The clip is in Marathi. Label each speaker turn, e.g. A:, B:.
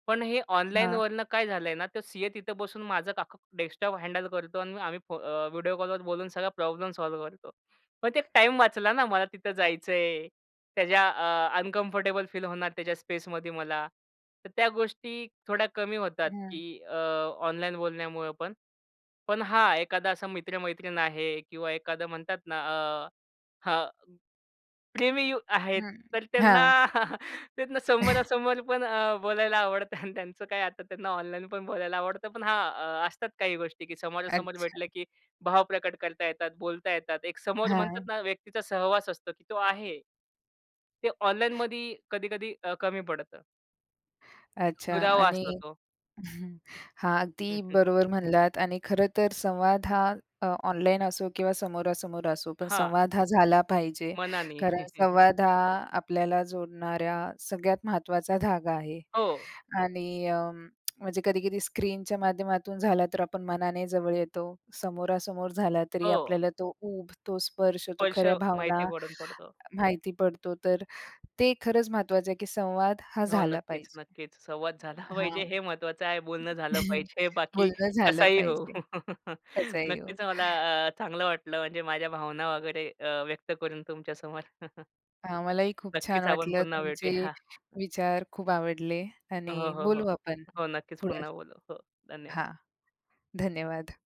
A: पण हे
B: हां.
A: ऑनलाईनवरनं काय झालंय ना, तो सीए तिथं बसून माझं का डेस्कटॉप हँडल करतो आणि आम्ही अ, फो मग व्हिडिओ कॉलवर बोलून सगळा प्रॉब्लेम सॉल्व्ह करतो. पण ते एक टाईम वाचला ना, मला तिथं जायचंय. त्याच्या अ, अनकम्फर्टेबल फील होणार त्याच्या स्पेसमध्ये मला. तर त्या गोष्टी थोड्या कमी होतात,
B: हं.
A: की अ, ऑनलाईन बोलण्यामुळं पण. पण हा एखादा असा मित्र-मैत्रीण आहे किंवा एखादं म्हणतात ना, अ, हां, प्रेमी यु आहेत.
B: हं.
A: तर त्यांना
B: हां.
A: त्यांना समोरासमोर पण बोलायला आवडतं. त्यांचं काय आता त्यांना ऑनलाईन पण बोलायला आवडतं. पण हां, असतात काही गोष्टी, की समोरासमोर
B: अच्छा.
A: भेटलं की भाव प्रकट करता येतात, बोलता येतात. एक समोर म्हणतात
B: हां.
A: ना, व्यक्तीचा सहवास असतो, की तो आहे. ते ऑनलाईनमध्ये कधी-कधी अ, कमी पडतं.
B: अच्छा.
A: दुरावा
B: आणि
A: असतो तो.
B: हां, अगदी बरोबर म्हणलात. आणि खरंतर संवाद हा अ, ऑनलाईन असो किंवा समोरासमोर असो, पण
A: हां.
B: संवाद हा झाला पाहिजे.
A: मनानी.
B: कारण संवाद हा आपल्याला जोडणाऱ्या सगळ्यात महत्त्वाचा धागा आहे.
A: हो.
B: आणि अ, म्हणजे कधी-कधी स्क्रीनच्या माध्यमातून झाला, तर आपण मनाने जवळ येतो. समोरासमोर झाला तरी
A: हो.
B: आपल्याला तो ऊब, तो स्पर्श, तो
A: स्पर्श
B: खऱ्या भावना
A: माहिती पडून पडतो.
B: माहिती पडतो. तर अ, ते खरंच महत्त्वाचं आहे, की संवाद हा
A: हो.
B: झाला
A: नक्कीच,
B: पाहिजे.
A: नक्कीच. संवाद झाला
B: हां.
A: पाहिजे. हे महत्वाचं आहे. बोलणं झालं पाहिजे बाकी
B: बोलणं झालं
A: कसाही हो.
B: पाहिजे. कसंही हो.
A: नक्कीच, मला अ, चांगलं वाटलं म्हणजे माझ्या भावना वगैरे अ, व्यक्त करून तुमच्या समोर.
B: हां, मलाही खूप छान
A: नक्कीच आपण
B: वाटलं.
A: पुन्हा
B: तुमचे
A: भेटूया.
B: विचार खूप आवडले.
A: हो,
B: आणि
A: हो, हो.
B: बोलू आपण
A: हो, नक्कीच
B: पुढे.
A: पुन्हा बोलू. हो, धन्यवाद!
B: हां. धन्यवाद!